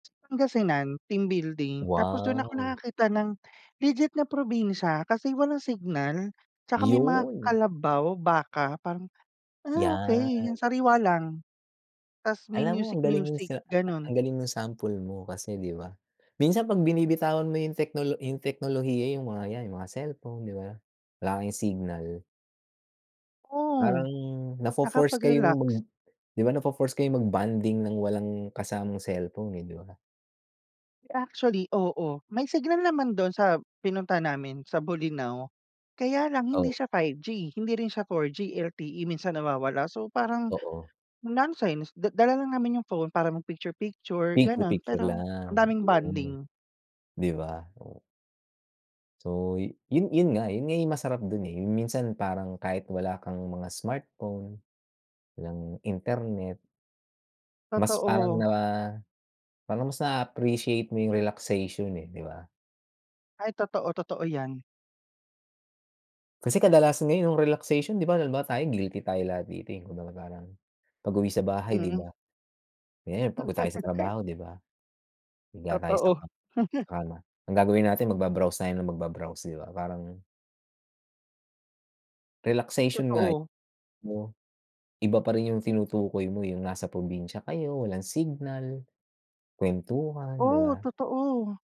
Pangasinan, team building. Tapos dun ako Wow! nakakita ng, legit na probinsya kasi walang signal. 'Tsaka may mga Yun! kalabaw, baka parang, ah, Yan. okey yung sariwa lang. 'Tas may Alam mo ang music galing music sa ang ganun. galing ng sample mo kasi, di ba. Minsan pag binibitawan mo yung teknolo teknolohiya yung mga yan, yung mga cellphone, 'di ba? Wala kayong signal. Oo, Parang na fo-force kayong mag nakapag-relax. diba na fo-force kayong mag bonding ng walang kasamang cellphone, eh, 'di ba? Actually, oo. May signal naman dun sa pinunta namin sa Bolinao kaya, lang hindi Oh. siya 5G, hindi rin siya 4G LTE minsan nawawala. So, parang Oo. nonsense da dala lang namin yung phone para mag picture picture Picture gano'n picture pero ang lang, daming yun. bonding. 'Di ba? Oh. So, yun yun nga yun nga masarap dun, eh, minsan parang kahit wala kang mga smartphone, ng internet. Mas parang Totoo. na, parang mas na-appreciate mo yung relaxation, eh, 'di ba? Ay totoo, totoo yan. Kasi kadalasan ngayon yung relaxation 'di ba halimbawa tayo guilty tayo lahat dito. eh, 'di ba parang, pag-uwi sa bahay, 'di Mhm. ba? Kaya pagod tayo sa trabaho, 'di ba? Higa tayo sa Totoo. ka sa kama. Ang gagawin natin mag ba-browse tayo ng mag ba-browse, 'di ba? Parang Uy, relaxation nga totoo. [unintelligible] iba pa rin yung tinutukoy mo yung nasa probinsya kayo walang signal, kwentuhan, 'di Oh, ba? totoo.